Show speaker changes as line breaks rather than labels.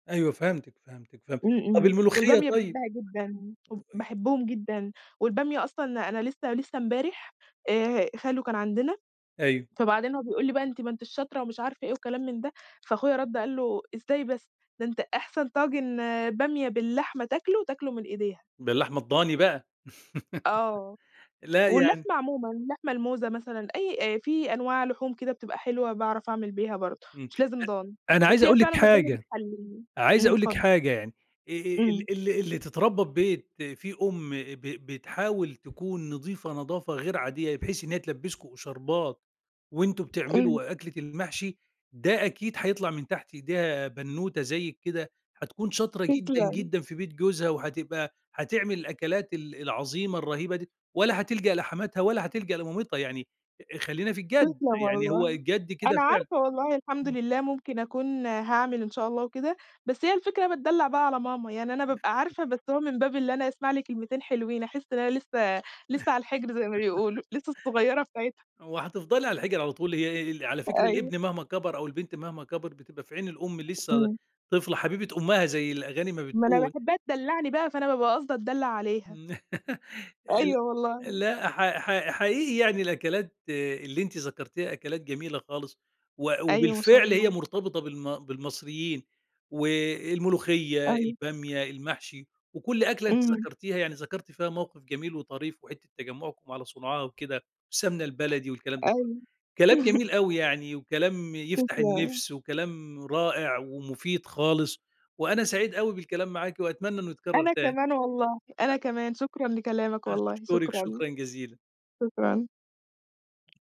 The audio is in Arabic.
أيوه، فهمتِك، فهمتِك، فهمتِك.
إمم،
طَب
إمم.
الملوخية
والبامية
طيب؟
باحبّها جدًا، وب
وأي
باحبهم جدًا والبامية أصلًا أنا لسّه لسّه امبارح آآ ه خالو كان عندنا،
أيوه.
فبعدين هو بيقول لي بقى: "أنتِ ما أنتيش شاطرة" ومش عارف إيه وكلام من ده، فأخويا رَد قال له: "إزاي بس؟! ده أنت أحسن طاجن بامية باللحمة تاكله، تاكله من إيديها."
باللحمة الضاني بقى.
آه.
لأ يعني
واللحمة عمومًا، اللحمة الموزة مثلًا، أي آآ في أنواع لحوم كده بتبقى حلوة باعرف أعمل بيها برضه،
إمم.
مش لازم ضاني.
أ أنا
بس
عايز
هي
أقول
فعلًا
لِك
الضاني
حاجة،
بتحلّيه
عايز
.إمم،
أقول لك
اتفضّل.
حاجة يعني، آآ، آآ
إمم.
ال ال اللي تتربّى في بيت فيه أم ب ب بتحاول تكون نظيفة نضافة غير عادية بحيث إن هي تلبّسكم إشاربات وأنتم
إمم.
بتعملوا أكلة المحشي، ده أكيد هيطلع من تحت إيديها بنّوتة زيِّك كده، هتكون شاطرة جدًا،
تسلم.
جدًا في بيت جوزها وهتبقى هتعمل الأكلات ال العظيمة الرهيبة دي، ولا هتلجأ لحماتها ولا هتلجأ لمامتها، يعني أ خلّينا في الجَد،
تسلم
يعني هو
والله.
الجَد كده
أنا
فعلًا
عارفه والله، الحمد
إمم.
لله ممكن أكون هاعمل إن شاء الله وكده، بس هي الفكرة إن أنا باتدلّع بقى على ماما، يعني أنا بابقى
[unintelligible]
عارفه، بس هو من باب اللي أنا أسمع لي كلمتين حلوين، أحِس إن أنا لسّه لسّه على الحِجر زي ما بيقولوا، لسّه الصغيّرة بتاعتها.
هو هتفضلي على الحِجر على طول، هي أ ال على فكرة
أيوه.
الابن مهما كَبر أو البنت مهما كَبرت بتبقى في عين الأم لسّه ل
إمم.
طفلة حبيبة أُمّها، زي الأغاني ما
ما أنا
بتقول.
باحبّها تدلّعني بقى، فأنا بابقى قاصده اتدلّع عليها.
ن ال
أيوه والله.
لأ، حق حق حقيقي يعني الأكلات اللي أنتِ ذكرتيها أكلات جميلة خالص، وأ
أيوه، ما شاء
وبالفعل هي
الله.
مرتبطة بالم بالمصريين والملوخية،
أيوه.
البامية، المحشي، وكل أكلة أنتِ
إمم.
ذكرتيها، يعني ذكرتِ فيها موقِف جميل وطريف وحتّة تجمّعكم على صُنعها وكده والسمنة البلدي والكلام ده كُلّه.
أيوه.
كلام جميل أوي يعني وكلام يفتح
تسلَم.
النِفْس وكلام رائع ومفيد خالص، وأنا سعيد أوي بالكلام معاكِ وأتمنى إنه يتكرّر
أنا
تاني.
كمان والله، أنا
أ
كمان. شكرًا لكلامك والله،
أشكرِك
شكرًا.
شكرًا جزيلًا.
شكرًا.